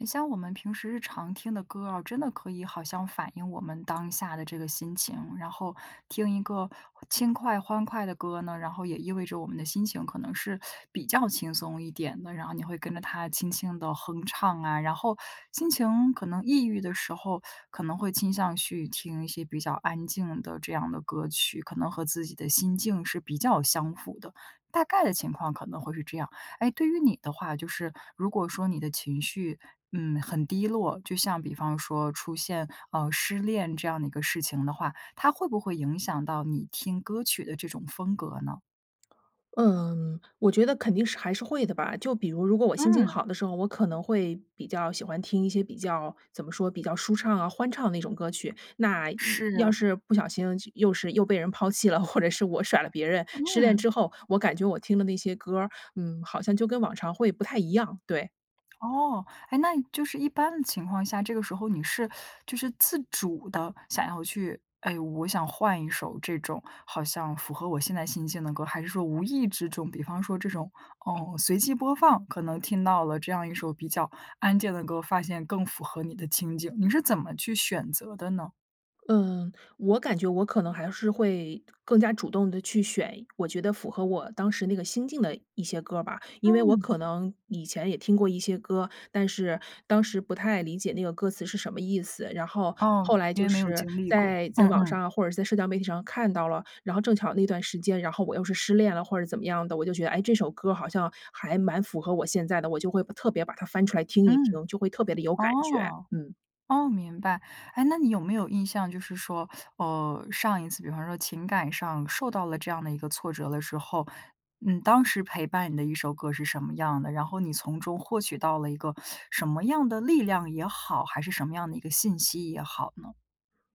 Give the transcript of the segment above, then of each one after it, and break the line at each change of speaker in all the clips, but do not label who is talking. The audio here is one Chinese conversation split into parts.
你像我们平时日常听的歌啊，真的可以好像反映我们当下的这个心情，然后听一个轻快、欢快的歌呢，然后也意味着我们的心情可能是比较轻松一点的，然后你会跟着它轻轻地哼唱啊。然后心情可能抑郁的时候可能会倾向去听一些比较安静的这样的歌曲，可能和自己的心境是比较相符的，大概的情况可能会是这样。诶，对于你的话，就是如果说你的情绪，嗯，很低落，就像比方说出现，呃，失恋这样的一个事情的话，它会不会影响到你听歌曲的这种风格呢？
嗯，我觉得肯定是还是会的吧。就比如，如果我心情
嗯。
好的时候，我可能会比较喜欢听一些比较怎么说？比较舒畅啊，欢畅的那种歌曲。那要
是。
是不小心又是又被人抛弃了，或者是我甩了别人，失恋
嗯。
之后，我感觉我听的那些歌儿，嗯，好像就跟往常会不太一样，对。
哦，诶，那就是一般的情况下，这个时候你是 就是自主地想要去诶，我想换一首这种好像符合我现在心境的歌，还是说无意之中，比方说这种，嗯，随机播放，可能听到了这样一首比较安静的歌，发现更符合你的情景，你是怎么去选择的呢？
嗯，我感觉我可能还是会，更加主动地去选，我觉得符合我当时那个心境的一些歌儿吧。因为我
嗯。
可能以前也听过一些歌，但是，当时不太理解那个歌词是什么意思，然后，
哦，
后来
因为
就
没有
是
经历过，
在在
嗯
网
嗯。
上或者是在社交媒体上看到了，然后正巧那段时间，然后我又是失恋了或者怎么样的，我就觉得，哎，这首歌儿好像还蛮符合我现在的，我就会特别把它翻出来听一
嗯，
听，就会特别地有感觉，
哦，
嗯。
哦，明白。哎，那你有没有印象就是说，哦，上一次比方说情感上受到了这样的一个挫折的时候，嗯，当时陪伴你的一首歌是什么样的？然后你从中获取到了一个什么样的力量也好，还是什么样的一个信息也好呢？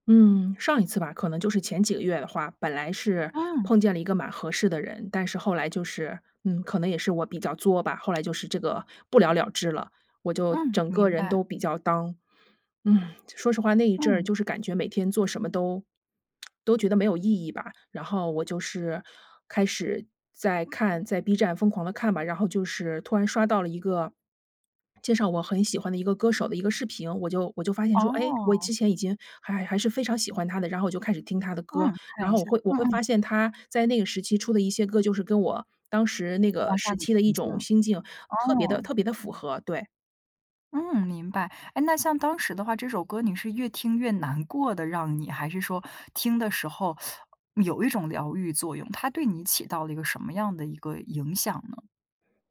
嗯，上一次吧，可能就是前几个月的话，本来是
嗯。
碰见了一个蛮合适的人，但是后来就是，嗯，可能也是我比较作吧，后来就是这个不了了之了。我就
嗯，
整个
明
人都
白。
比较 down，说实话，那一阵儿
嗯。
就是感觉每天做什么都 都觉得没有意义吧。然后我就是开始在看在 B 站疯狂地看吧，然后就是突然刷到了一个，介绍我很喜欢的一个歌手的一个视频，我就我就发现说，哎，我
哦。
之前已经还还还是非常喜欢他的，然后我就开始听他的歌。
嗯，看
然
一
后
下，
我会我
嗯
会
嗯。
发现他在那个时期出的一些歌，就是跟我当时那个
当下
时
的
期的一
情境，
种心境特别地
哦。
特别地符合，对。
嗯，明白。哎，那像当时的话，这首歌你是越听越难过的让你，还是说听的时候 有一种疗愈作用？它对你起到了一个什么样的一个影响呢？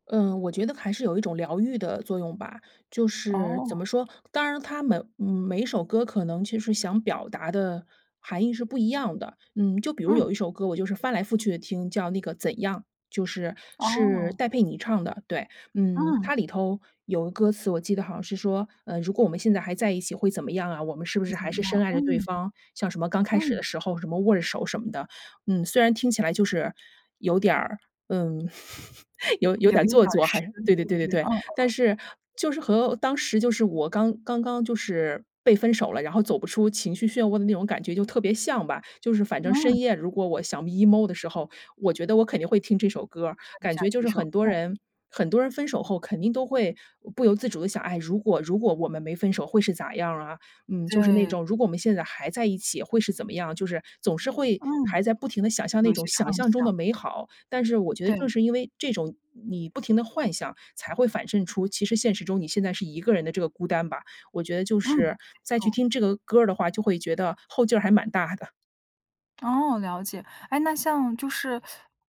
嗯，我觉得还是有一种疗愈的作用吧。就是怎
哦。
么说，当然他们，嗯，每一首歌可能其实想表达的含义是不一样的。嗯，就比如
嗯。
有一首歌我就是翻来覆去地听，叫那个《怎样》，就是，是
哦。
戴佩妮唱的，对。嗯，
嗯。
它里头有个歌词，我记得好像是说，呃，”如果我们现在还在一起会怎么样啊？我们是不
会
是
怎
还
么
是深
样
爱着对
嗯，
方“，像什么”刚开始
嗯。
的时候“什么”握着手“什么的。嗯，虽然听起来就是有点儿，嗯，有有
有
点
一
做
点儿
作还
神
是
秘
对对对
的
对
这
对。
种，嗯嗯。
但是，就是和当时就是我刚刚刚就是被分手了，然后走不出情绪漩涡的那种感觉就特别像吧。就是反正
嗯。
深夜，如果我想 emo 的时候，我觉得我肯定会听这首歌儿。
就听一
感
下
觉就
这
是
首，
很多
嗯。
人很多人分手后肯定都会不由自主地想，唉，如果如果我们没分手会是咋样儿啊？嗯，就是那
对。
种，如果我们现在还在一起会是怎么样？就是总是会
嗯。
还在不停地想象
有
那
一
种
些
想
畅
象中
想。
的美好。但是我觉得正
对。
是因为这种你不停地幻想，才会反衬出，其实现实中你现在是一个人的这个孤单吧。我觉得就
嗯，没
是，再去
错。
听这个歌儿的话，就会觉得，后劲儿还蛮大的。
哦，了解。哎，那像就是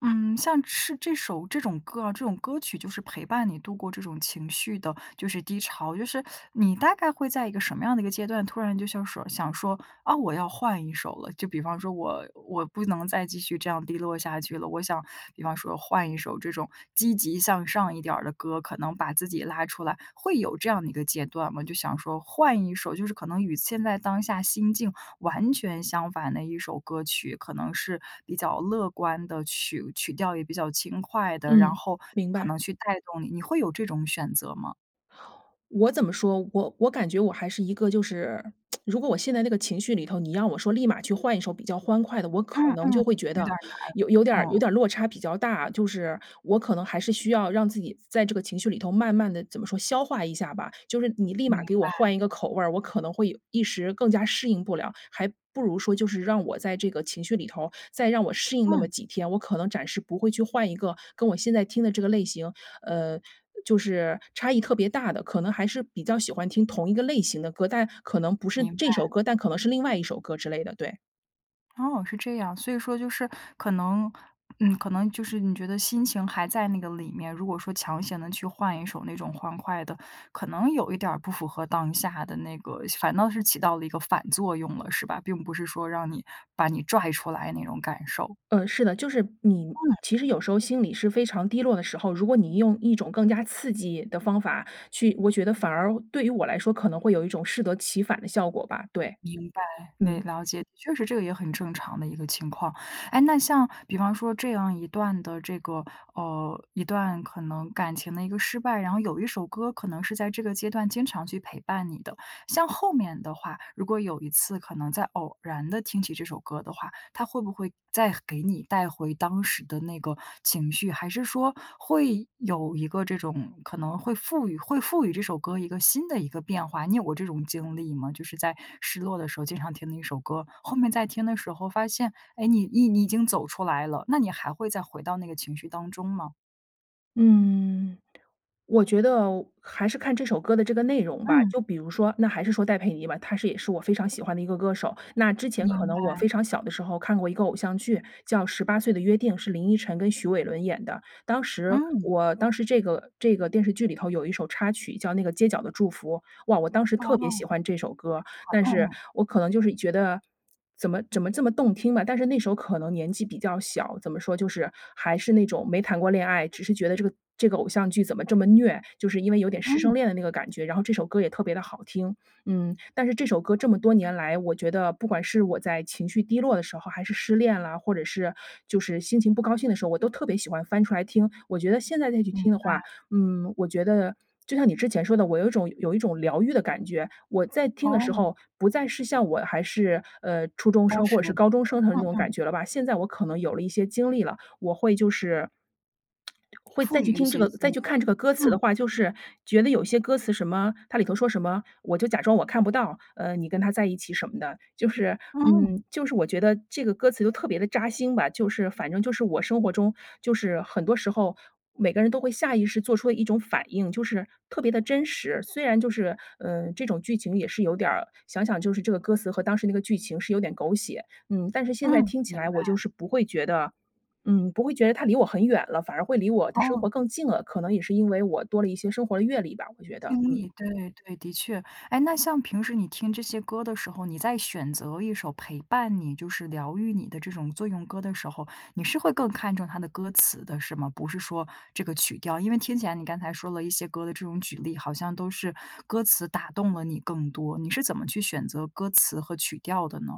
嗯，像是这首这种歌啊这种歌曲就是陪伴你度过这种情绪的，就是低潮，就是你大概会在一个什么样的一个阶段，突然就想说想说，啊，我要换一首了。就比方说我我不能再继续这样低落下去了，我想比方说换一首这种积极向上一点儿的歌，可能把自己拉出来，会有这样的一个阶段吗？就想说换一首就是可能与现在当下心境完全相反的一首歌曲，可能是比较乐观的，曲曲调也比较轻快的，然
嗯，
后
明
可
白。
能去带动你。你会有这种选择吗？
我怎么说，我我感觉我还是一个就是，如果我陷在那个情绪里头，你让我说立马去换一首比较欢快的，我可
嗯
能就
嗯，
会觉
有
得，
点儿
有有点
难，
儿有
哦。
点儿落差比较大。就是，我可能还是需要让自己在在这个情绪里头慢慢地怎么说？消化一下吧，就是你立
明
马给我
白。
换一个口味儿，我可能会有一时更加适应不了，还不如说就是让我在这个情绪里头，再让我适应那么
嗯。
几天，我可能暂时不会去换一个跟我现在听的这个类型，呃，就是差异特别大的，可能还是比较喜欢听同一个类型的歌，但可能不是
明
这首
白。
歌，但可能是另外一首歌之类的，对。
哦，是这样。所以说就是可能嗯，可能就是你觉得心情还在那个里面，如果说强行地去换一首那种欢快的，可能有一点儿不符合当下的那个反倒是起到了一个反作用了，是吧？并不是说让你把你拽出来那种感受。
嗯，是的。就是你
嗯。
其实有时候心里是非常低落的时候，如果你用一种更加刺激的方法去我觉得反而对于我来说，可能会有一种适得其反的效果吧，对。
明白，没
嗯。
了解，确实这个也很正常的一个情况。诶，那像比方说这样一段的这个呃，一段可能感情的一个失败，然后有一首歌可能是在这个阶段经常去陪伴你的。像后面的话，如果有一次可能再偶然地听起这首歌的话，它会不会再给你带回当时的那个情绪，还是说，会有一个这种可能会赋予会赋予这首歌一个新的一个变化，你有过这种经历吗？就是在失落的时候经常听的一首歌，后面再听的时候发现，诶，你你你已经走出来了，那你还会再回到那个情绪当中吗？
嗯，我觉得，还是看这首歌的这个内容吧。
嗯。
就比如说，那还是说戴佩妮吧，她是也是我非常喜欢的一个歌手。那之前
明
可能我
白。
非常小的时候看过一个偶像剧，叫《十八岁的约定》，是林依晨跟许玮伦演的。当时
嗯。
我当时这个这个电视剧里头有一首插曲叫那个《街角的祝福》，哇，我当时
哦。
特别喜
喜
欢这首歌儿。
欢，
但是，
嗯嗯。
我可能就是觉得，怎么怎么这么动听吧。但是那时候可能年纪比较小，怎么说，就是，还是那种没谈过恋爱，只是觉得这个这个偶像剧怎么这么虐，就是因为有点师生
嗯。
恋的那个感觉，然后这首歌也特别地好听。嗯，但是这首歌这么多年来，我觉得，不管是我在情绪低落的时候还是失恋了，或者是就是心情不高兴的时候，我都特别喜欢翻出来听。我觉得现在再去
明
听的话，
白。
嗯，我觉得，就像你之前说的，我有一种有一种疗愈的感觉。我再听的时
哦。
候不再是像我还是，呃，初中
当
生或
时
者
的
是高
那
中生的那
个，
种
嗯嗯。
感觉了吧。现在我可能有了一些经历了，我会就是 会再
赋
去
予一
听这
些
个，再
新
去
的，
看这个歌词的
嗯。
话，就是，觉得有些歌词什么它里头说什么，“我就假装我看不到，呃，你跟他在一起什么的”。就是
嗯。
嗯，就是我觉得这个歌词就特别地扎心吧，就是反正就是我生活中就是，很多时候，每个人都会下意识做出的一种反应。就是，特别地真实虽然就是，嗯，这种剧情也是有点儿想想就是这个歌词和当时那个剧情是有点狗血，嗯，但是现在
嗯，
听起
明
来我
白。
就是不会觉得嗯，不会觉得它离我很远了，反而会离我的生
哦。
活更近了。可能也是因为我多了一些生活的阅历吧，我觉得，
经
嗯。
历，对对对，的确。诶，那像平时你听这些歌的时候，你在选择一首陪伴你就是疗愈你的这种作用歌的时候，你是会更看重它的歌词的是吗？不是说这个曲调。因为听起来你刚才说了一些歌的这种举例，好像都是歌词打动了你更多。你是怎么去选择歌词和曲调的呢？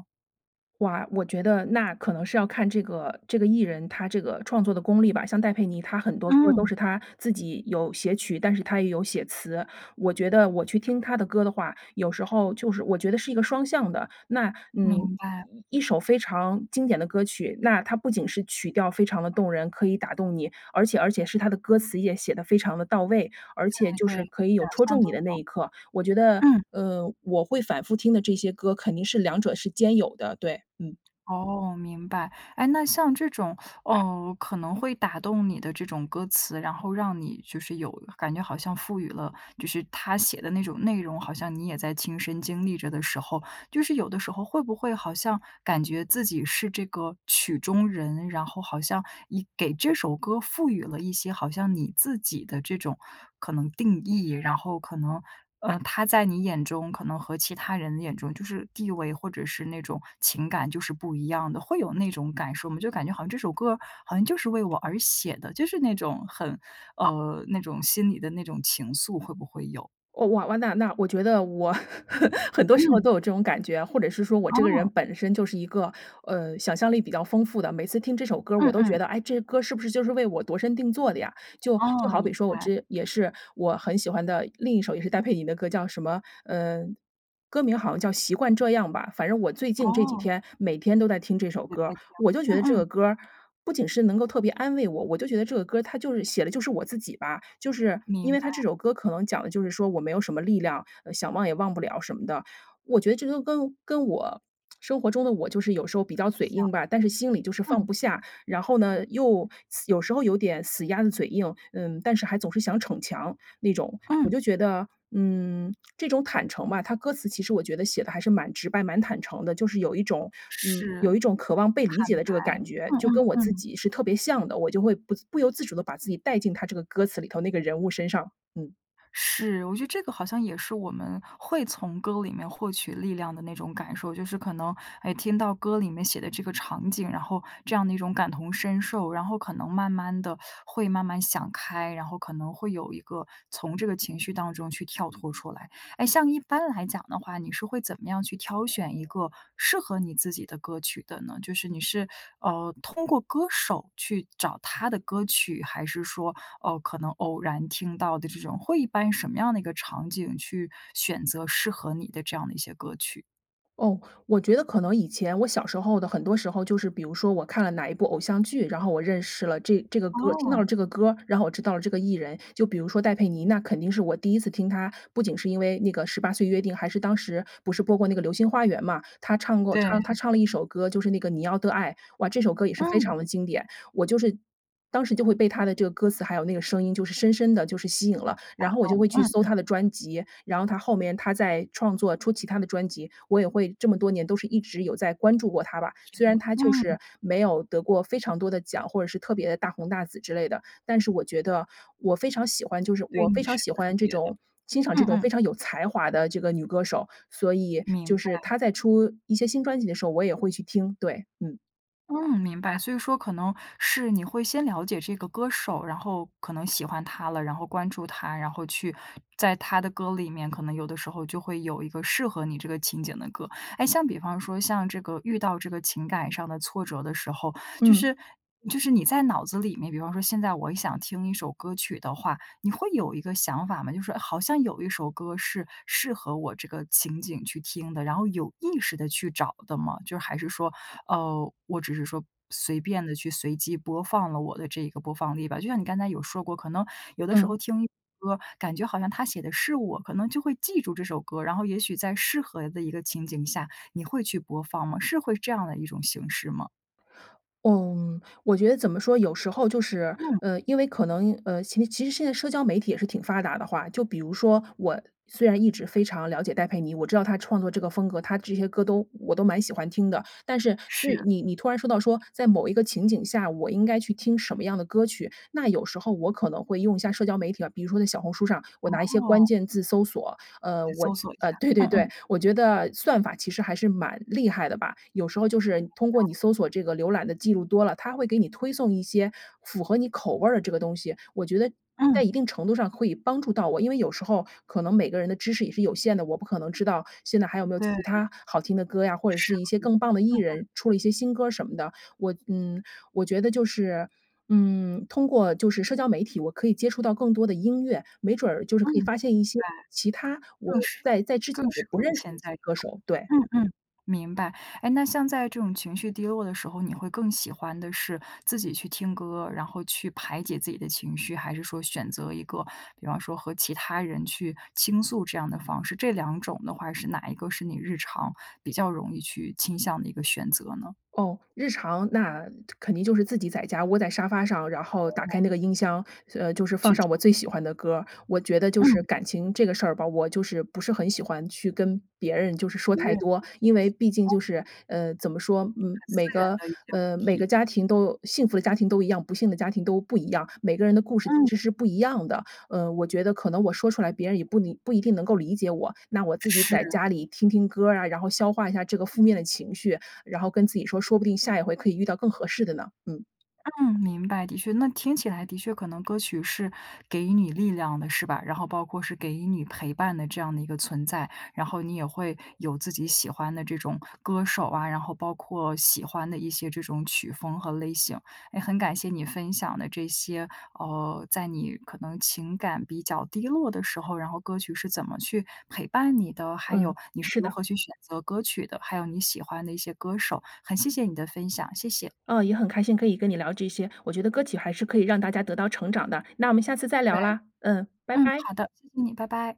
哇，我觉得那可能是要看这个这个艺人，他这个创作的功力吧。像戴佩妮，她很多歌都
嗯。
是她自己有写曲，但是她也有写词。我觉得我去听她的歌的话，有时候就是我觉得是一个双向的。那，嗯，
明白。
一一首非常经典的歌曲，那它不仅是曲调非常地动人，可以打动你，而且而且是它的歌词也写得非常地到位，而且
对
就
对，
是可以有
两
戳
项
中你
都
的那
有。
一刻。我觉得，
嗯。
呃，我会反复听的这些歌肯定是两者是兼有的，对，嗯。
哦，明白。哎，那像这种，呃，可能会打动你的这种歌词，然后让你就是有感觉好像赋予了就是他写的那种内容，好像你也在亲身经历着的时候，就是有的时候会不会好像感觉自己是这个曲中人，然后好像以给这首歌赋予了一些好像你自己的这种可能定义？然后可能，呃，他在你眼中可能和其他人眼中就是地位，或者是那种情感就是不一样的，会有那种感受吗？就是感觉好像这首歌好像就是为我而写的，就是那种很，呃，那种心里的那种情愫会不会有？
哦，哇哇那那我觉得我 很多时候
嗯。
都有这种感觉，或者是说我这个人
哦。
本身就是一个，呃，想象力比较丰富的。每次听这首歌儿，
嗯
我都觉
嗯。
得，哎，这歌儿是不是就是为我度身定做的呀。就就
哦，
好比
明
说，我
白。
这也是我很喜欢的，另一首也是戴佩妮的歌，叫什么呃，歌名儿好像叫《习惯这样吧》，反正我最近这几
哦。
天每天都在听这首歌儿。我就觉
嗯
得这
嗯。
个歌儿，不仅是能够特别安慰我，我就觉得这个歌儿，它就是写的就是我自己吧。就是因
明
为她
白。
这首歌可能讲的就是说我没有什么力量，呃，想忘也忘不了什么的。我觉得这个跟跟我生活中的我就是有时候比较
很
嘴
像，
硬吧，但是心里就是放
嗯。
不下。然后呢，又死有时候有点死鸭子嘴硬，嗯，但是还总是想逞强，那种。我
嗯。
就觉得，嗯，这种坦诚吧，它歌词其实我觉得写得还是蛮直白、蛮坦诚的。就是有一种嗯，
是。
有一种渴望被理
坦
解的这个
白，
感觉。
嗯
就跟
嗯
我自
嗯。
己是特别像的，我就会不自不由自主地把自己带进它这个歌词里头那个人物身上。嗯。
是，我觉得这个好像也是我们会从歌里面获取力量的那种感受。就是可能哎听到歌里面写的这个场景，然后这样的一种感同身受。然后可能慢慢地会慢慢想开，然后可能会有一个从这个情绪当中去跳脱出来。哎，像一般来讲的话，你是会怎么样去挑选一个适合你自己的歌曲的呢？就是你是，呃，通过歌手去找他的歌曲，还是说，呃，可能偶然听到的这种，会一般什么样的一个场景去选择适合你的这样的一些歌曲？
哦，我觉得可能以前，我小时候的很多时候，就是比如说我看了哪一部偶像剧，然后我认识了这这个歌听到
哦。
了这个歌儿，然后我知道了这个艺人。就比如说戴佩妮，那肯定是我第一次听她，不仅是因为那个《十八岁约定》，还是当时不是播过那个《流星花园》嘛，她唱过
对。
唱她唱了一首歌，就是那个《你要的爱》，哇，这首歌也是非
嗯。
常地经典。我就是当时就会被她的这个歌词还有那个声音就是深深地就是吸引了，
打
然后我就
动，
会去
嗯
搜
嗯。
她的专辑，然后她后面她在创作初期她的专辑，我也会这么多年都是一直有在关注过她吧。虽然 她就
嗯。
是没有得过非常多的奖，或者是特别地大红大紫之类的，但是我觉得，我非常喜欢就是
对
我非
你是
常喜
特
欢这
别的，
种欣赏这
嗯
种非
嗯。
常有才华的这个女歌手。所以，
明
就是
白。
她在出一些新专辑的时候，我也会去听，对，嗯。
嗯，明白，所以说可能，是你会先了解这个歌手，然后可能喜欢她了，然后关注她，然后去在她的歌里面，可能有的时候就会有一个适合你这个情景的歌。诶，像比方说，像这个遇到这个情感上的挫折的时候，就
嗯。
是就是你在脑子里面，比方说现在我想听一首歌曲的话，你会有一个想法吗？就是好像有一首歌是适合我这个情景去听的，然后有意识地去找的吗？就还是说，呃，我只是说随便地去随机播放了我的这个播放列表。就像你刚才有说过，可能有的时
嗯。
候听一首歌，感觉好像它写的是我，可能就会记住这首歌，然后也许在适合的一个情景下，你会去播放吗？是会是这样的一种形式吗？
嗯，我觉得怎么说，有时候就是，
嗯。
呃，因为可能，呃，其其实现在社交媒体也是挺发达的话，就比如说，我虽然一直非常了解戴佩妮，我知道她创作这个风格，她这些歌都我都蛮喜欢听的。但是，最
是。
你你突然说到说，在某一个情景下，我应该去听什么样的歌曲，那有时候我可能会用一下社交媒体啊。比如说在小红书上，我拿一些关
哦。
键字搜索，呃，
去
我
搜索一
呃，
下。
对对
嗯
对。
嗯。
我觉得算法其实还是蛮厉害的吧，有时候就是，通过你搜索这个浏览的记录多了，它会给你推送一些，符合你口味儿的这个东西，我觉得，
嗯。
在一定程度上会帮助到我。因为有时候，可能每个人的知识也是有限的，我不可能知道，现在还有没有
对。
其它好听的歌呀，或者
是。
是一些更棒的 艺
嗯嗯。
人出了一些新歌儿什么的。我嗯，我觉得就是，嗯，通过就是社交媒体，我可以接触到更多的音乐，没准儿就是
嗯，
可以发现一些
对。
其他，我
更适
在在之前，
更
我
适
不
合你
认识的一
现在
些
这
歌
种。
手，对。
嗯嗯，明白。诶，那像在这种情绪低落的时候，你会更喜欢的是自己去听歌，然后去排解自己的情绪？还是说选择一个，比方说和其他人去倾诉这样的方式？这两种的话，是哪一个是你日常，比较容易去倾向的一个选择呢？
哦，日常，那肯定就是自己在家窝在沙发上，然后打开那 个音箱，呃，就是放
去
上
听。
我最喜欢的歌儿。我觉得就是
嗯。
感情这个事儿吧，我就是不是很喜欢去跟别人就是说
别人
太多，
去。
因为毕竟 就是，呃，怎么说，
很私
每
人
个
的一些问
呃，每个
题。
家庭都幸福的家庭都一样，不幸的家庭都不一样，每个人的故事其
嗯。
实是不一样的。呃，我觉得可能我说出来，别人也不理不一定能够理解我，那我自己在
是。
家里听听歌儿啊，然后消化一下这个负面的情绪，然后跟自己说，说不定下一回可以遇到更合适的呢，嗯。
嗯，明白，的确那听起来的确可能歌曲是给予你力量的是吧？然后包括是给予你陪伴的这样的一个存在。然后你也会，有自己喜欢的这种歌手啊，然后包括喜欢的一些这种曲风和类型。哎，很感谢你分享的这些，呃，在你可能情感比较低落的时候，然后歌曲是怎么去陪伴你的，还有，
嗯，
你是
是
如
的。
何去选择歌曲的，还有你喜欢的一些歌手。很谢谢你的分享，谢谢。
嗯，也很开心可以跟你聊这些，我觉得歌曲还是可以让大家得到成长的。那我们下次再
对。
聊啦，嗯，拜
嗯，
拜。
好的，谢谢你，拜拜。